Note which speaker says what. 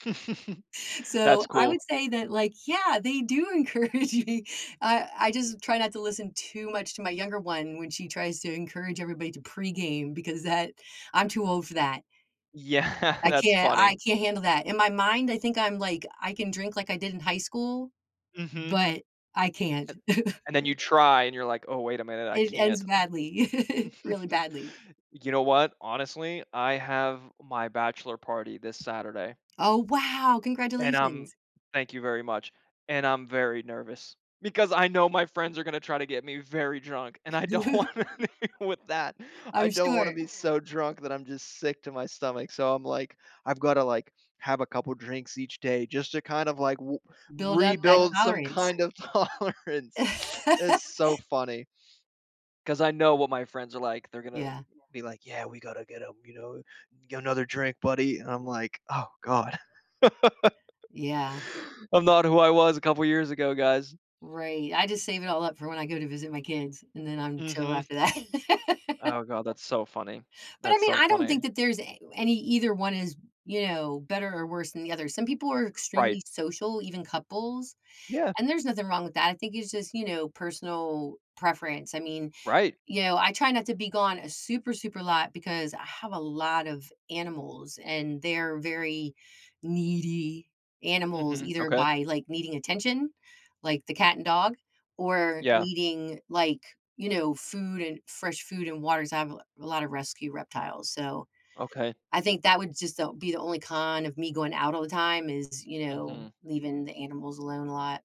Speaker 1: So,
Speaker 2: That's
Speaker 1: I
Speaker 2: cool.
Speaker 1: would say that, like, yeah, they do encourage me. I I just try not to listen too much to my younger one when she tries to encourage everybody to pregame because that I'm too old for that.
Speaker 2: Yeah.
Speaker 1: I
Speaker 2: That's
Speaker 1: can't
Speaker 2: funny.
Speaker 1: I can't handle that. In my mind, I think I'm like, I can drink like I did in high school,
Speaker 2: Mhm.
Speaker 1: but I can't.
Speaker 2: And and then you try, and you're like, "Oh, wait a minute. I
Speaker 1: It ends
Speaker 2: can't."
Speaker 1: badly, really badly.
Speaker 2: You know what? Honestly, I have my bachelor party this Saturday.
Speaker 1: Oh, wow!
Speaker 2: And I'm
Speaker 1: Congratulations.
Speaker 2: thank you very much. And I'm very nervous because I know my friends are gonna try to get me very drunk, and I don't want anything with that. I
Speaker 1: I'm
Speaker 2: don't wanna
Speaker 1: sure.
Speaker 2: be so drunk that I'm just sick to my stomach. So, I'm like, I've gotta, like, have a couple drinks each day just to kind of, like, wu
Speaker 1: Build up that
Speaker 2: rebuild some
Speaker 1: tolerance.
Speaker 2: kind of tolerance. It's so funny 'cause I know what my friends are like. They're gonna
Speaker 1: Yeah.
Speaker 2: be like, "Yeah. We gotta get him," you know, "Get another drink, buddy." And I'm like, "Oh god."
Speaker 1: Yeah.
Speaker 2: "I'm not who I was a couple years ago, guys."
Speaker 1: Right. I just save it all up for when I go to visit my kids, and then I'm chill
Speaker 2: Mhm.
Speaker 1: after that.
Speaker 2: Oh god. That's so funny,
Speaker 1: But, I
Speaker 2: that's
Speaker 1: mean,
Speaker 2: so
Speaker 1: I don't
Speaker 2: funny.
Speaker 1: think that there's a any either one is, you know, better or worse than the other. Some people are
Speaker 2: Right.
Speaker 1: extremely social, even couples,
Speaker 2: Yeah.
Speaker 1: and there's nothing wrong with that. I think it's just, you know, personal preference. I mean,
Speaker 2: Right.
Speaker 1: you know, I try not to be gone a super, super lot because I have a lot of animals, and they're very needy animals
Speaker 2: Mhm.
Speaker 1: either
Speaker 2: Okay.
Speaker 1: by, like, needing attention, like the cat and dog, or
Speaker 2: Yeah.
Speaker 1: needing, like, you know, food and fresh food and water 'cause I have a lot of rescue reptiles. So,
Speaker 2: Okay.
Speaker 1: I think that would just o be the only con of me going out all the time is, you know,
Speaker 2: Mhm.
Speaker 1: leaving the animals alone a lot.